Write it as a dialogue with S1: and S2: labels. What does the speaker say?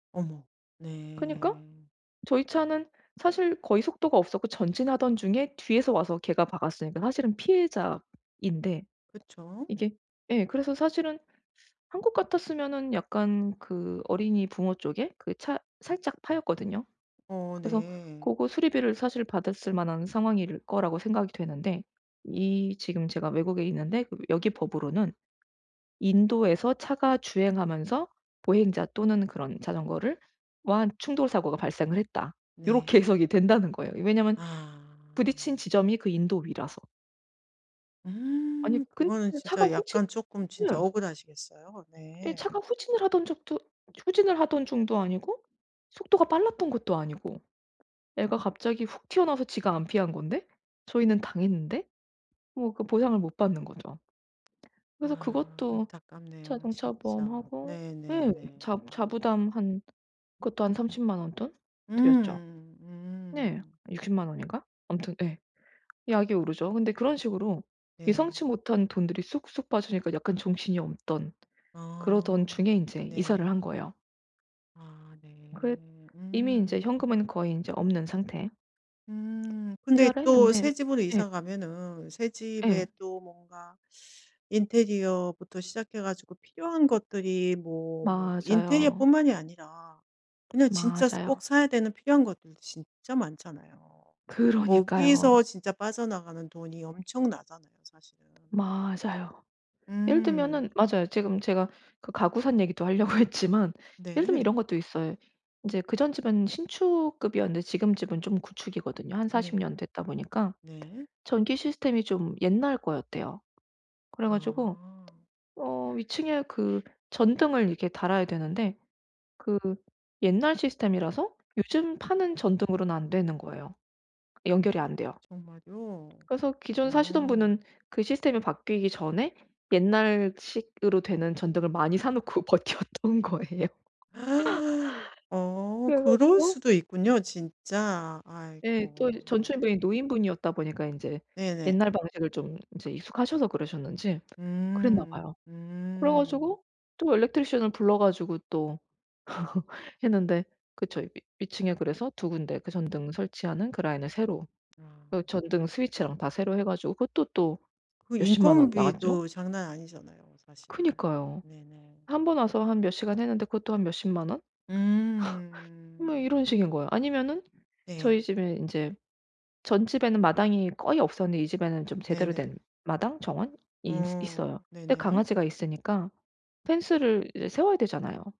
S1: 어머.
S2: 그니까
S1: 네.
S2: 저희 차는 사실 거의 속도가 없었고 전진하던 중에 뒤에서 와서 걔가 박았으니까 사실은 피해자인데
S1: 그쵸.
S2: 이게 예 그래서 사실은 한국 같았으면은 약간 그 어린이 부모 쪽에 그 차 살짝 파였거든요.
S1: 어
S2: 그래서
S1: 네.
S2: 고거 수리비를 사실 받았을 만한 상황일 거라고 생각이 되는데 이 지금 제가 외국에 있는데 그럼 여기 법으로는 "인도에서 차가 주행하면서 보행자 또는 그런 자전거를 와 충돌사고가 발생을 했다."
S1: 네.
S2: 요렇게 해석이 된다는 거예요, 왜냐하면
S1: 아.
S2: 부딪힌 지점이 그 인도 위라서. 아니
S1: 음.
S2: 근데
S1: 그거는
S2: 차가
S1: 진짜
S2: 후진
S1: 약간 쪼끔 진짜
S2: 네.
S1: 억울하시겠어요.
S2: 예
S1: 네.
S2: 차가 후진을 하던 적도 후진을 하던 중도 아니고 속도가 빨랐던 것도 아니고 애가 갑자기 훅 튀어나와서 지가 안 피한 건데 저희는 당했는데 뭐 그 보상을 못 받는 거죠. 그래서
S1: 아
S2: 그것도
S1: 안타깝네요
S2: 자동차
S1: 진짜.
S2: 보험하고
S1: 네 네
S2: 예
S1: 네.
S2: 자
S1: 음.
S2: 자부담 한 그것도 한 300,000 원 돈 들였죠.
S1: 음.
S2: 네.
S1: 음.
S2: 600,000 원인가? 아무튼 예. 약이 오르죠. 근데 그런 식으로
S1: 네.
S2: 예상치 못한 돈들이 쑥쑥 빠지니까 약간 정신이 없던 그러던 중에
S1: 어.
S2: 인제 이사를
S1: 네.
S2: 한 거예요.
S1: 아
S2: 그
S1: 네.
S2: 이미 인제
S1: 음
S2: 현금은 거의 인제 없는 상태
S1: 음. 근데
S2: 이사를
S1: 또
S2: 했는데
S1: 새집으로
S2: 예.
S1: 이사 가면은
S2: 예.
S1: 새집에 또 뭔가 인테리어부터 시작해 가지고 필요한 것들이 뭐, 뭐
S2: 맞아요.
S1: 인테리어뿐만이 아니라 그냥 진짜 스 꼭
S2: 맞아요.
S1: 사야 되는 필요한 것들 진짜 많잖아요.
S2: 그러니까요.
S1: 거기서 진짜 빠져나가는 돈이 엄청나잖아요 사실은.
S2: 맞아요. 예를
S1: 음.
S2: 들면은 맞아요. 지금 제가 그 가구 산 얘기도 하려고 했지만 예를 들면 이런
S1: 네.
S2: 것도 있어요. 인제 그 전 집은 신축급이었는데 지금 집은 좀 구축이거든요. 한 40
S1: 네.
S2: 년 됐다 보니까
S1: 네.
S2: 전기 시스템이 좀 옛날 거였대요. 그래 가지고
S1: 아.
S2: 어 위층에 그 전등을 이게 달아야 되는데 그 옛날 시스템이라서 요즘 파는 전등으로는 안 되는 거예요. 연결이 안 돼요.
S1: 정말요?
S2: 그래서 기존 사시던 분은
S1: 음.
S2: 그 시스템이 바뀌기 전에 옛날식으로 되는 전등을 많이 사 놓고 버텨 왔던 거예요.
S1: 어
S2: 그래
S1: 그럴
S2: 가지고
S1: 수도 있군요 진짜.
S2: 예. 또 이제
S1: 아이고.
S2: 전
S1: 네.
S2: 주인분이 노인분이었다 보니까 인제
S1: 네네.
S2: 옛날 방식을 좀 인제 익숙하셔서 그러셨는지 그랬나
S1: 음.
S2: 봐요. 그래
S1: 음.
S2: 가지고 또 electrician을 불러 가지고 또 했는데 그쵸. 위층에 그래서 2 군데 그 전등 설치하는 그 라인을 새로
S1: 아.
S2: 그 전등 스위치랑 다 새로 해 가지고 그것도 또
S1: 그
S2: 몇십만 원 나갔죠.
S1: 인건비도 장난 아니잖아요 사실.
S2: 그니까요.
S1: 네네.
S2: 1 번 와서 한 몇 시간 했는데 그것도 한 몇십만 원? 뭐
S1: 음.
S2: 이런 식인 거예요. 아니면은 저희
S1: 네.
S2: 집에 인제 전집에는 마당이 거의 없었는데 이 집에는 좀 제대로 된
S1: 네네.
S2: 마당, 정원이 있어
S1: 어.
S2: 있어요. 근데
S1: 네네.
S2: 강아지가 있으니까 펜스를 이제 세워야 되잖아요.